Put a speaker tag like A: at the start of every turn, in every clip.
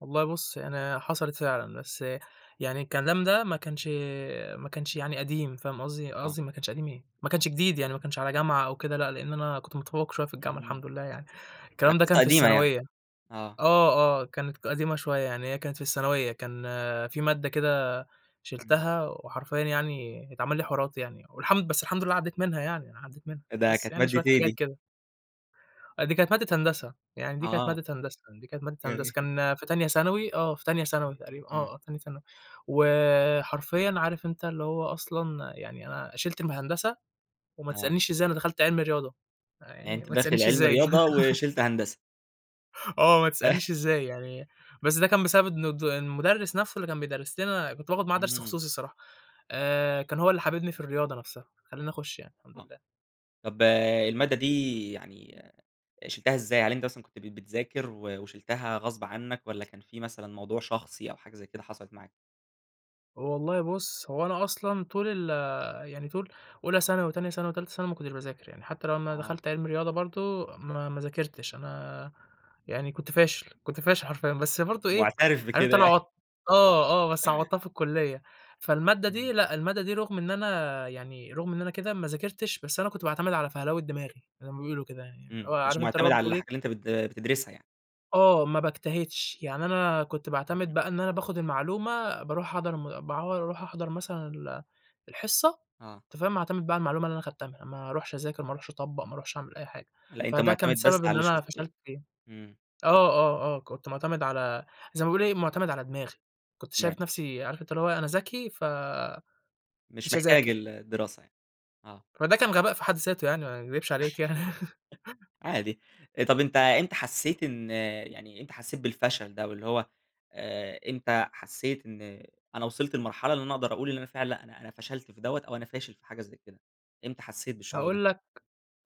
A: والله بُص يعني حصلت فعلًا، بس يعني الكلام ده ما كانش ما كانش يعني قديم، فاهم قصدي؟
B: آه.
A: قصدي ما كانش قديم إيه! ما كانش جديد يعني، ما كانش على جامعة أو كده، لأ لإن أنا كنت متفوّق شوية في الجامعة
B: إمم.
A: الحمد لله يعني،
B: يعني
A: الكلام ده
B: قصة
A: كان في
B: قديمة يعني.
A: الثانوية
B: آه.
A: آه، آه، كانت ك قديمة شوية، يعني هي كانت في الثانوية، كان في مادة كده
B: إمم.
A: شِلتها وحرفيًا يعني اتعمل لي حوارات يعني، والحمد بس الحمد لله عدّيت منها يعني، أنا عدّيت منها،
B: فده
A: بس
B: كانت
A: يعني
B: مادة
A: شوية
B: إيه
A: حاجات
B: دي؟
A: كده. آه دي كانت مادة هندسة، يعني دي كانت
B: آه.
A: مادة هندسة، دي كانت مادة
B: جميل
A: هندسة، كان في تانية ثانوي، آه، في تانية ثانوي تقريبًا
B: إمم.
A: آه، آه تانية ثانوي، وحرفيًا عارف أنت اللي هو أصلًا يعني أنا شِلت الم هندسة وما
B: آه.
A: تسألنيش إزاي أنا دخلت علمي رياضة،
B: يعني
A: يعني
B: أنت
A: وما
B: داخل
A: تسألنيش
B: علمي
A: إزاي
B: رياضة وشِلت هندسة؟
A: آه ما تسألنيش إزاي يعني، بس ده كان بسبب إن الد المدرس نفْسُه اللي كان بيدرس لنا، كنت باخد معاه درس
B: إمم.
A: خصوصي الصراحة، آآ، كان هو اللي حاببني في الرياضة نفْسَها، خلّاني أخش يعني، الحمد
B: آه.
A: لله.
B: طَب المادة دي يعني شِلتها إزاي، يعني أنت كنت بت بتذاكر و وشِلتها غصب عنّك والّا كان في مثلًا موضوع شخصي أو حاجة زي كده حصلت معاك؟
A: هو والله بُص هو أنا أصلًا طول ال يعني طول أولى ثانوي، تانية ثانوي، تالتة ثانوي ما كنتش باذاكر يعني، حتى لمّا
B: آه.
A: دخلت علمي رياضة برضه، ما ما ذاكرتش، أنا يعني كنت فاشل كنت فاشل حرفيًا، بس برضه إيه،
B: مُعترف
A: عارف
B: بكده
A: أنت اللي
B: يع
A: عوضت آه، آه بس عوضتها في الكليّة، فالمادة دي
B: إمم.
A: لأ المادة دي رُغم إن أنا يعني رُغم إن أنا كده ما ذاكرتش، بس أنا كنت باعتمد على فَهلوة دماغي، زي ما بيقولوا كده يعني، اللي
B: إمم،
A: هو
B: مش
A: عارف أنت اللي
B: مُعتمد
A: هو
B: على
A: بتقول إيه
B: الحاجة اللي أنت بت بتدرسها يعني.
A: آه ما باجتهدش، يعني أنا كنت باعتمد
B: إمم.
A: بقى إن أنا باخد المعلومة، بارُوح أحضَر م باعوض، أرُوح أحضر مثلًا ال الحصة
B: آه.
A: أنت فاهم؟ واعتمد بقى على المعلومة اللي أنا خدتها منها، ما ارُوحش أذاكر، ما ارُوحش أطبّق، ما اروحش أعمل أي حاجة،
B: لأ أنت
A: فده كان
B: مُعتمد بس
A: سبب
B: على
A: إن
B: اللي
A: أنا
B: شُفته يعني.
A: فشلت فيه.
B: إمم.
A: آه، آه، آه كنت مُعتمد على زي ما بيقول إيه، مُعتمد على دماغي، كنت
B: م
A: شايف نفْسِي، عارف أنت اللي هو إيه، أنا ذكي ف
B: مش
A: مش
B: محتاج
A: هاذاكر.
B: ال الدراسة يعني. آه.
A: فده كان غباء في حد ذاته يعني وما اكدبش عليك يعني
B: [unintelligible] عادي، طَب أنت إمتى حسّيت إن يعني إمتى حسّيت بالفشل ده واللي هو، آآ، إمتى حسّيت إن أنا وصلت لمرحلة اللي أنا أقدر أقول اللي أنا فعلًا لأ، أنا أنا فشلت في دَوّة أو أنا فاشل في حاجة زي كده، إمتى حسّيت بالشعور ده؟
A: هاقول لك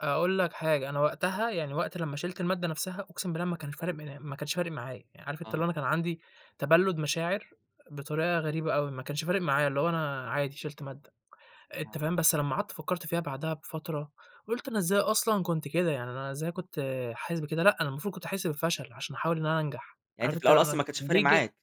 A: أقول لك حاجة، أنا وقتها، يعني وقت لمّا شِلت المادة نفْسَها، أقسم بالله ما كانش فارق م ما كانش فارق معايا، يعني عارف أنت
B: آه.
A: اللي هو أنا كان عندي تبلُّد مشاعر، بطريقة غريبة أوي، ما كانش فارق معايا اللي هو أنا عادي شِلت مادة، أنت
B: آه.
A: فاهم؟ بس لمّا قعدت فكّرت فيها بعدها بفترة، قُلت أنا إزاي أصلًا كنت كده؟! يعني أنا إزاي كنت حاسس بكده؟! لأ أنا المفروض كنت أحس بالفشل؛ عشان أحاول إن أنا أنجح،
B: يعني أنت
A: عارف
B: في
A: أنت،
B: الأول
A: أنا
B: أصلًا ما كانش
A: ج
B: فارق
A: دي ج
B: معاك؟